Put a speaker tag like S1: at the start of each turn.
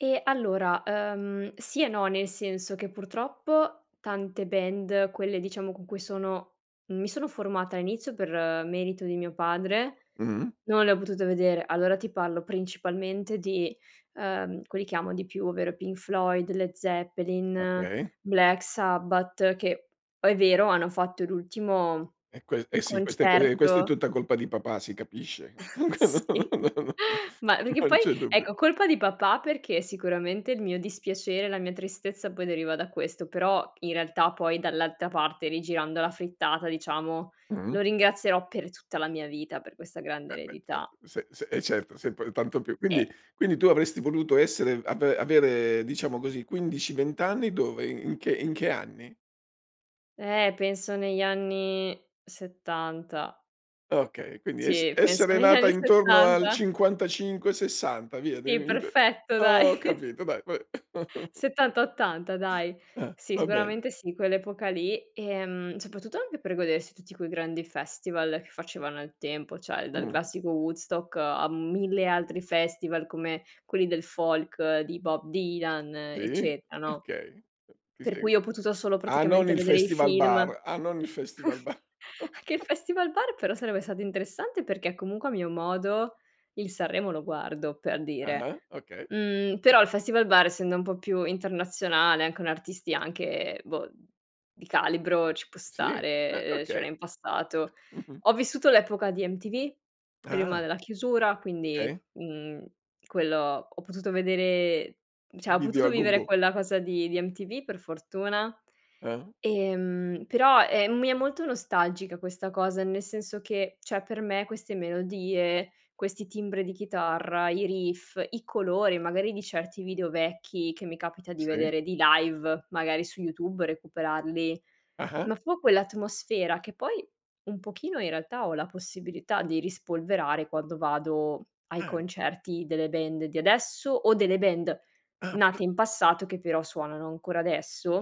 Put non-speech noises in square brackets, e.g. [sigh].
S1: E allora, ehm, sì e no, nel senso che purtroppo tante band, quelle diciamo con cui sono mi sono formata all'inizio per merito di mio padre,
S2: Mh-mh.
S1: non le ho potute vedere. Allora ti parlo principalmente di, ehm, quelli che amo di più, ovvero i Pink Floyd, Led Zeppelin,
S2: Okay.
S1: Black Sabbath, che poi è vero, hanno fatto l'ultimo
S2: È quel eh sì, questa è que ehm, questa è
S1: concerto
S2: tutta colpa di papà si capisce.
S1: [chuckles] Sì.
S2: [unintelligible]
S1: Ma
S2: [chuckles]
S1: perché
S2: Non
S1: poi
S2: c'è dubbio.
S1: ecco, colpa di papà perché sicuramente il mio dispiacere, la mia tristezza poi deriva da questo; però in realtà poi dall'altra parte, rigirando la frittata diciamo,
S2: Mh-mh.
S1: lo ringrazierò per tutta la mia vita per questa grande
S2: Eh beh, cer
S1: eredità.
S2: se se eh certo, sempre tanto più. Quindi
S1: E
S2: quindi tu avresti voluto essere av avere diciamo così 15, 20 anni dove? In in che in che anni?
S1: Eh, penso negli anni '70.
S2: Okay, quindi es
S1: Sì, penso
S2: essere
S1: negli
S2: nata
S1: anni
S2: intorno al
S1: '70.
S2: '55, '60, via
S1: Sì,
S2: [unintelligible]
S1: perfetto dai.
S2: Ho capito dai. Va beh. [chuckles]
S1: '70, '80 dai.
S2: Eh,
S1: Sì,
S2: va bene.
S1: sicuramente sì, quell'epoca lì. Ehm, soprattutto anche per godersi tutti quei grandi festival che facevano al tempo, cioè dal
S2: Mh.
S1: classico Woodstock, a mille altri festival come quelli del folk di Bob Dylan,
S2: Sì,
S1: eccetera no.
S2: okay. Eh, ti
S1: Per
S2: segu
S1: cui ho potuto solo
S2: Ah, non
S1: praticamente
S2: il
S1: vedere i film.
S2: Festivalbar. Ah non il Festival
S1: [chuckles]
S2: ba
S1: Anche il Festivalbar però sarebbe
S2: [chuckles]
S1: stato interessante perché è comunque a mio modo, il Sanremo lo guardo, per dire.
S2: Ah-ah, okay.
S1: Mhmm, però il Festivalbar essendo un po' più internazionale e con artisti anche, boh, di calibro, ci può
S2: Sì, beh,
S1: stare, ehm, cioè
S2: okay.
S1: nel passato.
S2: Mh-mh.
S1: Ho vissuto l'epoca di MTV, prima
S2: Ah.
S1: della chiusura, quindi,
S2: Okay.
S1: mhmm, quello ho potuto vedere cioè ho
S2: Video
S1: potuto
S2: a go
S1: vivere
S2: go.
S1: quella cosa di di MTV per fortuna;
S2: Eh.
S1: ehm, però, ehm, mi è molto nostalgica questa cosa, nel senso che, cioè per me queste melodie, questi timbri di chitarra, i riff, i colori magari di certi video vecchi che mi capita di
S2: Sì.
S1: vedere, di live, magari su YouTube, recuperarli,
S2: Ah-ah.
S1: ma fu quell'atmosfera che poi un pochino in realtà ho la possibilità di rispolverare quando vado ai
S2: Eh.
S1: concerti delle band di adesso, o delle band
S2: Ah, pr
S1: nate in passato che però suonano ancora adesso.